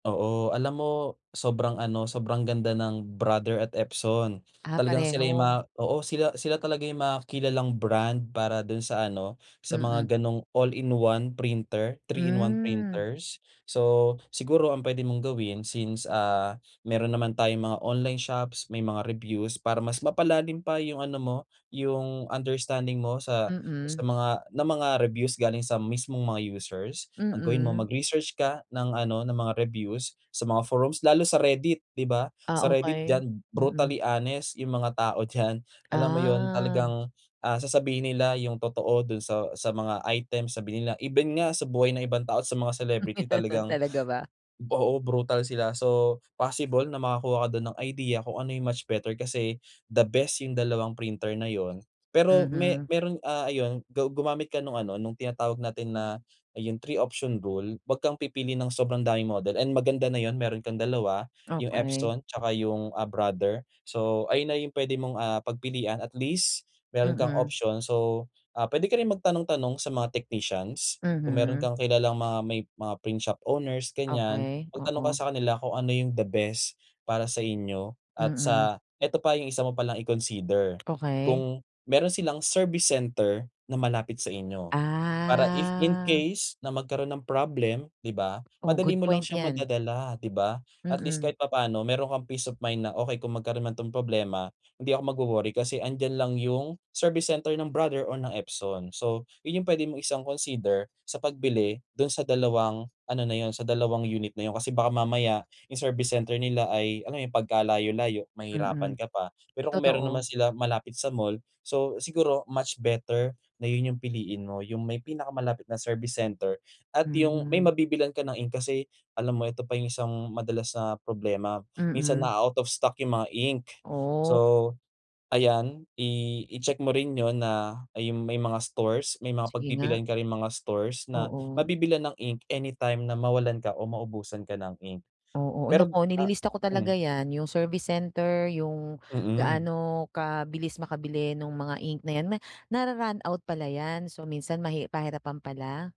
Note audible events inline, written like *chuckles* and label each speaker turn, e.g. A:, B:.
A: Oo, alam mo sobrang ano sobrang ganda ng Brother at Epson.
B: Ah,
A: Talagang sila'y
B: pareho.
A: ma oo sila sila talaga yung mga kilalang brand para dun sa ano sa
B: Mm.
A: mga ganong all-in-one printer, 3 in 1
B: Hmm.
A: printers. So, siguro ang pwede mong gawin since, ah, meron naman tayong mga online shops may mga reviews para mas mapalalim pa yung ano mo yung understanding mo sa, sa
B: Mm.
A: mga na mga reviews galing sa mismong mga users, ang gawin mo
B: Mm.
A: magresearch ka ng ano ng mga reviews sa mga forums lalo sa Reddit. 'Di ba,
B: Ah,
A: sa Reddit
B: okey,
A: diyan
B: mm.
A: brutally honest yung mga tao dyan. Alam mo yun
B: Ah.
A: talagang, ah, sasabihin nila yung totoo dun sa sa mga item sabihin nila. Even nga sa buhay ng ibang tao sa mga celebrity
B: *chuckles*
A: talagang
B: Talaga ba.
A: oo, brutal sila so possible na makakuha ka dun ng idea kung ano yung much better kasi the best yung dalawang printer na yun. Pero me
B: Mhm.
A: meron, ah, ayun gu gumamit ka nung ano nung tinatawag natin na yung 3 option rule wag kang pipili ng sobrang daming model and maganda na yun meron kang 2 yung
B: Okey.
A: Epson tsaka yung, ah, Brother, so ayun na yung pwede mong, ah, pagpilian at least meron kang
B: Mm.
A: option. So, ah, pwede ka rin magtanong tanong sa mga technicians, kung meron
B: Mhm.
A: kang kilalang mga may mga print shop owners ganyan,
B: Okey,
A: magtanong ka
B: oo.
A: sa kanila kung ano yung the best para sa inyo at
B: Mm.
A: sa eto pa yung isa mo palang i-consider,
B: Okey.
A: kung meron silang service center na malapit sa inyo. Para if in
B: Ah.
A: case na magkaroon ng problem 'di ba
B: Oh,
A: madali
B: good
A: mo lang
B: point
A: siyang
B: yan.
A: madadala 'di ba, at least
B: Mm.
A: kahit papaano meron kang peace of mind na okey kung magkaroon man to ng problema hindi ako magwo-worry, kasi 'andiyan lang yung service center ng Brother or ng Epson. So, yun yung pwede mong isang consider sa pagbili dun sa dalawang ano na yun, sa dalawang unit na yun kasi baka mamaya yung service center nila ay, alam mo yun pagkalayo-layo mahirapan
B: Mm,
A: ka pa. Pero kung meron naman
B: totoo.
A: sila malapit sa mall, so siguro much better na yun yung piliin mo, yung may pinakamalapit na service center at yung may
B: Mhm.
A: mabibilhan ka ng ink kasi alam mo ito pa yung isang madalas na problema minsan
B: Mm.
A: na-a-out of stock yung mga ink.
B: Oh.
A: So, ayan i icheck mo rin yun na, ayun may mga stores may mga
B: Sige nga.
A: pagpipilian ka ring mga stores na
B: Oo.
A: mabibilhan ng ink anytime na mwawalan ka or maubusan ka ng ink.
B: Oo,
A: Pero,
B: naku
A: ah
B: nililista ko talaga
A: mm.
B: yan, yung service center, yung
A: Mm.
B: gaano kabilis makabili nung mga ink na yan. Na-ra-run out pala yan, so minsan mahi pahirapan pala?